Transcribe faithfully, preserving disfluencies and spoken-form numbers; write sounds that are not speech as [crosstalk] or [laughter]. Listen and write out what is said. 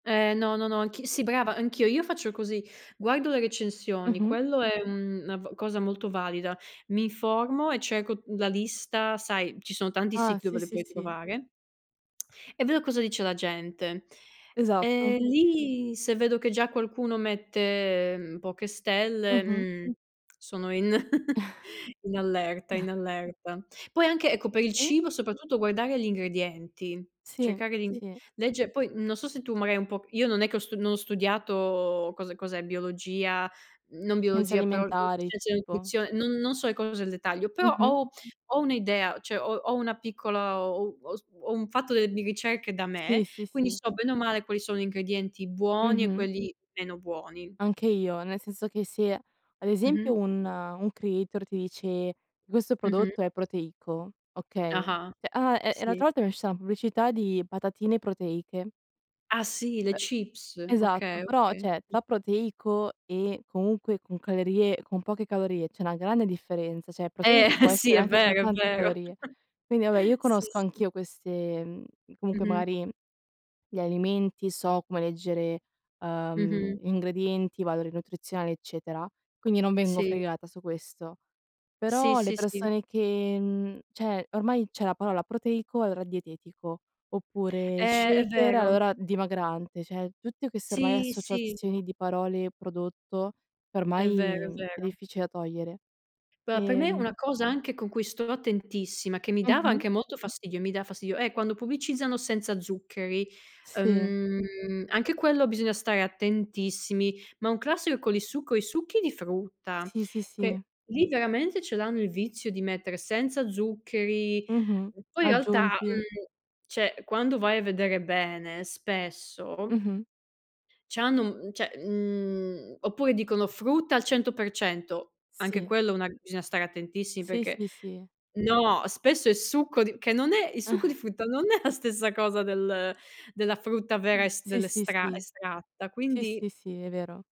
Ehm, no, no, no, anch'i sì brava, anch'io, io faccio così: guardo le recensioni, Mh-mh. quello è, uhm, na v cosa molto valida. Mi informo e cerco, uhm, la lista. Sai, ci sono tanti Ah. siti dove Sì, li sì, puoi sì. trovare... [smacks lips] e vedo cosa dice la gente. E Esatto. lì, se vedo che già qualcuno mette, mhmm, poche stelle, Mh-mh. mhmm, sono in [chuckles] in allerta, in [chuckles] allerta. Poi anche, ecco, per il Sì. cibo soprattutto, guardare gli ingredienti, Sì. cercare di Sì. leggere poi, uhm, non so se tu magari un po' io non è che ho stu non studiato cos cos'è biologia, uhm, non Senza biologia però alimentari scienze della tipo. nutrizio non non so le cose nel dettaglio, però Mh-mh. ho ho un'idea, cioè ho ho una piccola ho u ho sv ho, uhm, fatto delle bi ricerche da Sì, me, sì, quindi sì. so bene o male quali sono gli ingredienti buoni e Mh-mh. quelli meno buoni. Anche io, nel senso che se ad Mh-mh. esempio un un creator ti dice: "Questo Mh-mh. prodotto è proteico", okay? Ah-ah. ceh ah, e e Sì. l'altra volta mi è usci una pubblicità di patatine proteiche. Ah sì, le Ehm, chips, esatto, okay, però, okay. ceh tra proteico e comunque con calorie con poche calorie c'è una grande differenza, ceh Eh, proteico può [chuckles] sì. essere È anche con vero, è tante vero. [chuckles] calorie. Quindi vabbè io Sì, conosco sì. anch'io queste, uhm, comunque Mh-mh. magari gli alimenti, so come leggere, uhm, Mh-mh. ingredienti, valori nutrizionali, eccetera. Quindi non vengo Sì. fregata su questo. Sì, Però le sì, sì. persone che, mhmm ceh ormai ceh la parola proteico è ora dietetico oppure Eh, è shaker, vero. allora dimagrante, ceh tutte queste ormai Sì, sì. associazioni di parole prodotto È vero, è ormai è vero. difficile da togliere. Però per me è Ehm una cosa anche con cui sto attentissima che mi dava Mh-mh. anche molto fastidio, mi dà fastidio, è quando pubblicizzano senza zuccheri. Sì. Ehm, anche quello bisogna stare attentissimi, ma un classico con il succo i succhi di frutta, Sì, sì, che sì. lì veramente ce l'hanno il vizio di mettere "senza zuccheri". Mh-mh, E poi in realtà, aggiunti. uhm, ceh, quando vai a vedere bene, spesso Mh-mh. c'hanno, uhm, cioè, mhmm oppure dicono frutta al cento per cento, anche Sì. quello una bisogna stare attentissimi Sì, perché sì, sì. No! Spesso è succo di che non è il succo di [chuckles] frutta non è la stessa cosa del della frutta vera Mh. es Sì, sì, dell'estra sì. estratta, Sì, quindi. sì, sì, è vero.